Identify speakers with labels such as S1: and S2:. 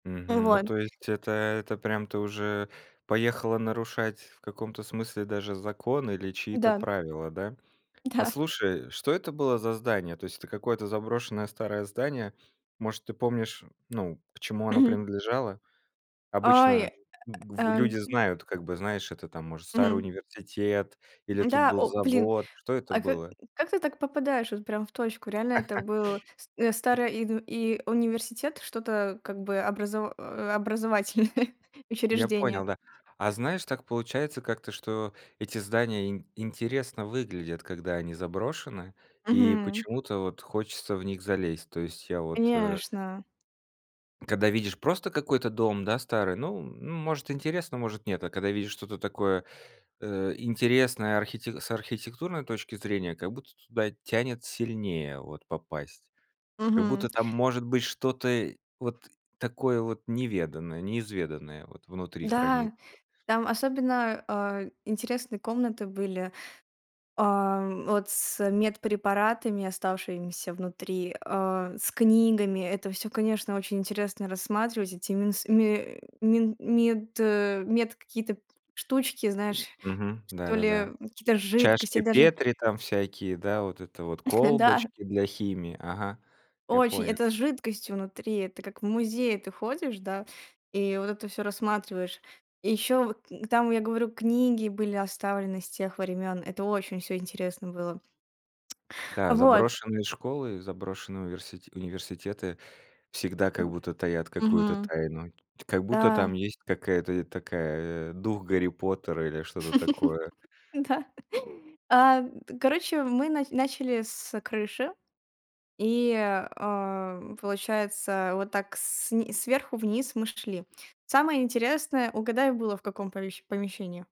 S1: Мгм. Ну
S2: Вот.
S1: то есть это это прям ты уже поехала нарушать в каком-то смысле даже закон или чьи-то
S2: Да.
S1: правила, да? А
S2: Да.
S1: слушай, что это было за здание? То есть, это какое-то заброшенное старое здание? Может ты помнишь, ну к чему оно
S2: Мгм.
S1: принадлежало?
S2: Ой,
S1: Обычно н
S2: э.
S1: в
S2: Н
S1: люди знают, как бы, знаешь, это там, может, старый
S2: Мгм.
S1: университет или тут
S2: Да,
S1: был
S2: о блин,
S1: завод, что это
S2: а ка
S1: было?
S2: как ты так попадаешь вот прям в точку? Реально это был с э, старое и ну и университет, что-то как бы образо э, образовательное
S1: Я
S2: учреждение.
S1: понял, да. А знаешь, так получается как-то, что эти здания ин интересно выглядят, когда они заброшены, и
S2: Мгм.
S1: почему-то вот хочется в них залезть. То есть я вот, э
S2: Конечно.
S1: Когда видишь просто какой-то дом да старый, ну ну может интересно, может нет, а когда видишь что-то такое, э, интересное архи с архитектурной точки зрения, как будто туда тянет сильнее вот попасть. Как
S2: Мгм.
S1: будто там может быть что-то, э, вот такое вот неведанное, неизведанное вот внутри хранится.
S2: Да, там особенно, а, интересные комнаты были. А, вот с медпрепаратами, оставшимися внутри, а, с книгами. Это всё, конечно, очень интересно рассматривать. Эти минс мэ мин мед мед какие-то штучки, знаешь,
S1: Мгм. Да,
S2: что
S1: да,
S2: ли
S1: да.
S2: какие-то жидкости
S1: Чашки
S2: даже.
S1: Петри там всякие, да вот это вот,
S2: Да.
S1: колбочки для химии. Ага, я
S2: Очень.
S1: понял.
S2: Это с жидкостью внутри. Это как в музее ты ходишь, да, и вот это всё рассматриваешь. И еще вот н там, я говорю, книги были оставлены с тех времён. Это очень всё интересно было.
S1: Да,
S2: Вот.
S1: заброшенные школы, заброшенные уверсити университеты всегда как будто таят какую-то
S2: Мгм.
S1: тайну. Как будто
S2: Да.
S1: там есть какая-то, э, такая, э, дух Гарри Поттера или что-то такое.
S2: Да. А т короче, мы на начали с крыши. И, а, получается вот так сн сверху вниз мы шли. Самое интересное, угадай было в каком помещ помещении?